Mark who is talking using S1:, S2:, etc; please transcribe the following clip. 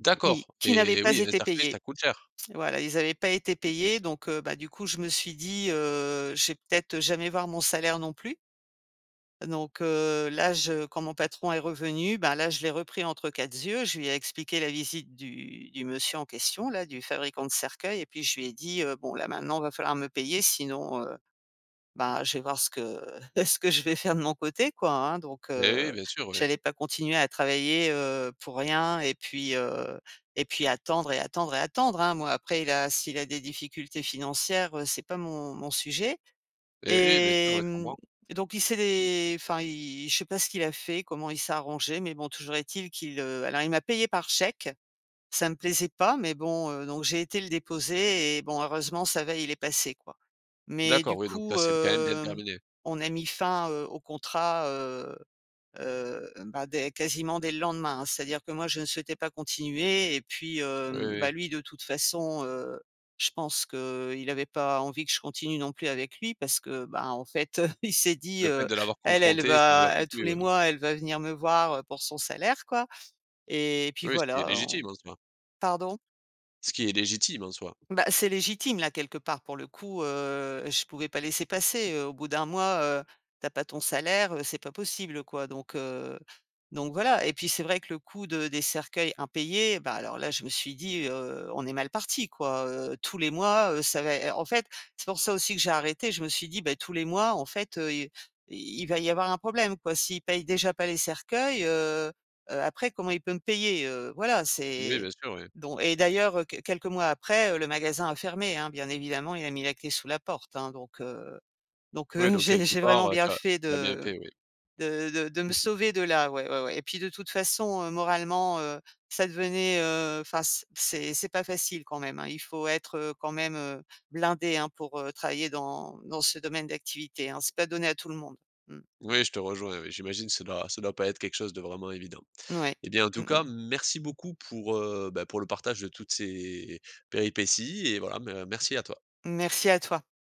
S1: D'accord.
S2: Oui, qui n'avaient
S1: Eh
S2: pas
S1: oui, un
S2: été
S1: cercueil,
S2: payés.
S1: ça coûte cher.
S2: Voilà, ils avaient pas été payés donc, heu, ben du coup, je me suis dit, heu, je vais peut-être jamais voir mon salaire non plus donc, heu, là je quand mon patron est revenu, ben là, je l'ai repris «entre quatre z yeux». Je lui ai expliqué la visite du du monsieur en question, là, du fabricant de cercueils et puis je lui ai dit, heu, bon là maintenant va falloir me payer sinon, heu, ben je vais voir ce que ce que je vais faire de mon côté quoi, hein, donc,
S1: Beh oui,
S2: heu,
S1: bien sûr, oui.
S2: j'allais pas continuer à travailler, heu, pour rien et puis, heu, et puis attendre et attendre et attendre, hein, moi, après il a s'il a des difficultés financières, heu, c'est pas mon mon sujet.
S1: Eh oui, bien sûr,
S2: Et
S1: oui, je
S2: mmh,
S1: comprends.
S2: donc il s'est dé enfin, il je sais pas ce qu'il a fait, comment il s'est arrangé mais bon, toujours est-il qu'il, heu alors il m'a payée par chèque, ça ne me plaisait pas mais bon, heu, donc j'ai été le déposer et bon heureusement, ça va, il est passé, quoi. Mais
S1: D'accord,
S2: du
S1: oui, donc là
S2: coup,
S1: c'est b quand même bien
S2: hem,
S1: terminé.
S2: on a mis fin, heu, au contrat, heu heu, ben dès quasiment, dès le lendemain, hein, c'est-à-dire que moi, je ne souhaitais pas continuer et puis,
S1: Oui,
S2: hem,
S1: oui.
S2: ben lui de toute façon, heu, je pense qu'il avait pas envie que je continue non plus avec lui parce que, ben en fait, heu, il s'est dit,
S1: Le fait
S2: heu:
S1: de l'avoir
S2: «Elle elle
S1: confronté, ça lui a pas
S2: va, tous
S1: plus,
S2: les
S1: ouais.
S2: mois, elle va venir me voir, heu, pour son salaire, quoi». Et puis
S1: Oui, ce qui est
S2: voilà
S1: légitime
S2: en
S1: en soi.
S2: pardon?
S1: Ce qui est légitime en soi.
S2: Ben, c'est légitime là quelque part pour le coup, heu, je pouvais pas laisser passer, heu, au bout d'1 mois, heu, tu as pas ton salaire, heu, c'est pas possible, quoi, donc, heu, donc, voilà, et puis c'est vrai que le coût de des cercueils impayés, ben alors là je me suis dit, heu: «On est mal parti, quoi!», heu, tous les mois, heu, ça va ê en fait, c'est pour ça aussi que j'ai arrêté. Je me suis dit: «Bah tous les mois en fait, heu, i il va y avoir un problème, quoi. S'il paye déjà pas les cercueils, heu heu, après comment il peut me payer?», heu, voilà,
S1: Oui,
S2: c'est,
S1: bien sûr, ouais.
S2: don et d'ailleurs, heu, q quelques mois après, heu, le magasin a fermé, hein, bien évidemment, il a mis la clé sous la porte, hein, donc, heu, donc,
S1: Oui,
S2: heu,
S1: donc
S2: j'ai
S1: quelque
S2: j'ai
S1: part,
S2: vraiment
S1: heu,
S2: bien
S1: tu as
S2: fait
S1: tu as bien
S2: de
S1: fait, oui.
S2: de de de me
S1: Mmh mh.
S2: sauver de là, ouais, ouais, ouais. Et puis de toute façon, heu, moralement, heu, ça devenait, heu, enfin, c c'est c'est pas facile quand même, hein. Il faut être, heu, quand même, heu, blindé, hein, pour, heu, travailler dans dans ce domaine d'activité, hein. C'est pas donné à tout le monde. Mmh.
S1: Oui, je te rejoins, oui, j'imagine ça doit ça doit pas être quelque chose de vraiment évident.
S2: Ouais,
S1: Eh bien, en
S2: mmh
S1: tout
S2: mh.
S1: cas, merci beaucoup pour, heu, ben pour le partage de toutes ces, péripéties et voilà, ben merci à toi.
S2: Merci à toi.